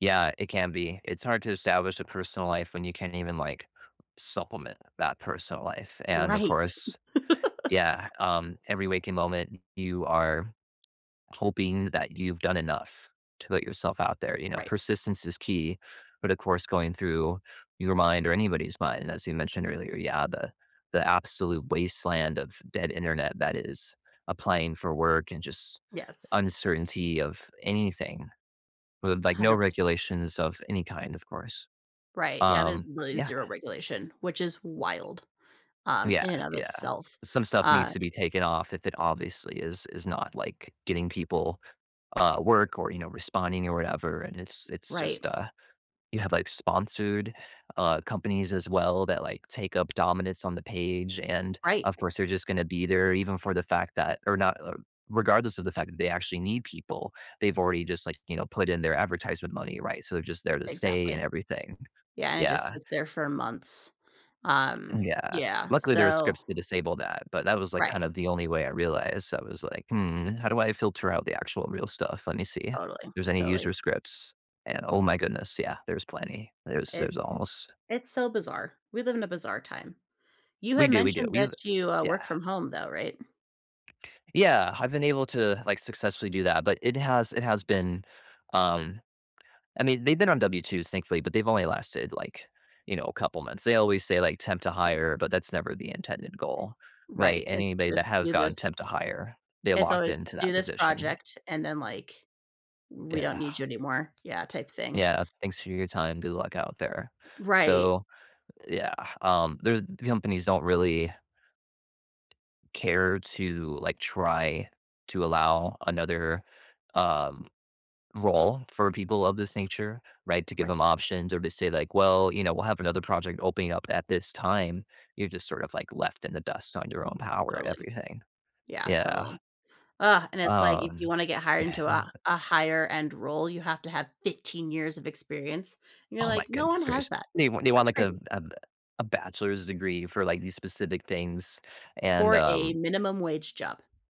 Yeah, it can be. It's hard to establish a personal life when you can't even, like, supplement that personal life. And, of Right. course yeah, um, every waking moment, you are hoping that you've done enough to put yourself out there. You know, Right. persistence is key, but, of course, going through your mind or anybody's mind, as you mentioned earlier, yeah, the the absolute wasteland of dead Internet that is applying for work and just Yes. uncertainty of anything with, a like, no hundred percent. regulations of any kind, of course. Right, yeah, there's Um, really yeah, and 0 um regulation, which is wild, um, Yeah, in and of yeah. itself. Some stuff needs Um to be taken off if it obviously is is not, like, getting people, uh, work or, you know, responding or whatever. And it's it's Right. just, uh you have, like, sponsored, uh, companies as well that, like, take up dominance on the page, and, Right. of course, they're just gonna be there even for the fact that or not, uh regardless of the fact that they actually need people, they've already just, like, you know, put in their advertisement money, right? So they're just there to stay and Exactly. everything. Yeah, and it just Yeah. sits there for months. Um, And, yeah. yeah, Luckily, there are so scripts to disable that, but that was, like, Right. kind of the only way I realized. I was like, "Hmm. How do I filter out the actual real stuff? Let me see if Totally, there's any totally. user scripts," and oh my goodness, yeah, there's plenty. There's there's It's almost it's so bizarre. We live in a bizarre time. You We had do, we do. mentioned that We've you, uh, work yeah. from home, though. Right? Yeah, I've been able to, like, successfully do that, but it has it has been, um, I mean, they've been on W2s thankfully, but they've only lasted, like, you know, a couple months. They always say, like, Sure. "temp-to-hire," but that's never the intended goal by Right. It's anybody that just, has "Do this" gotten temp-to-hire, they're It's locked always, into "Do that this position. project," and then, like, "We don't Yeah. need you anymore," yeah, type thing. Yeah, "Thanks for your time. Good luck out there." Right. So yeah, um, there companies don't really care to, like, try to allow another, um, role for people of this nature, right, to give Right. ‘em options or to say like, "Well, you know, we'll have another project opening up at this time." You're just sort of, like, left in the dust, on your own power and Totally. everything. Yeah, Yeah. totally. Ugh, and it's like, if you Um, wanna get hired into an a a higher-end role, you have to have 15 years of experience. And you're Oh my like, "No one goodness gracious. has that," They they want, that's like, a crazy. a b a bachelor's degree for, like, these specific things, and, For a um minimum wage job.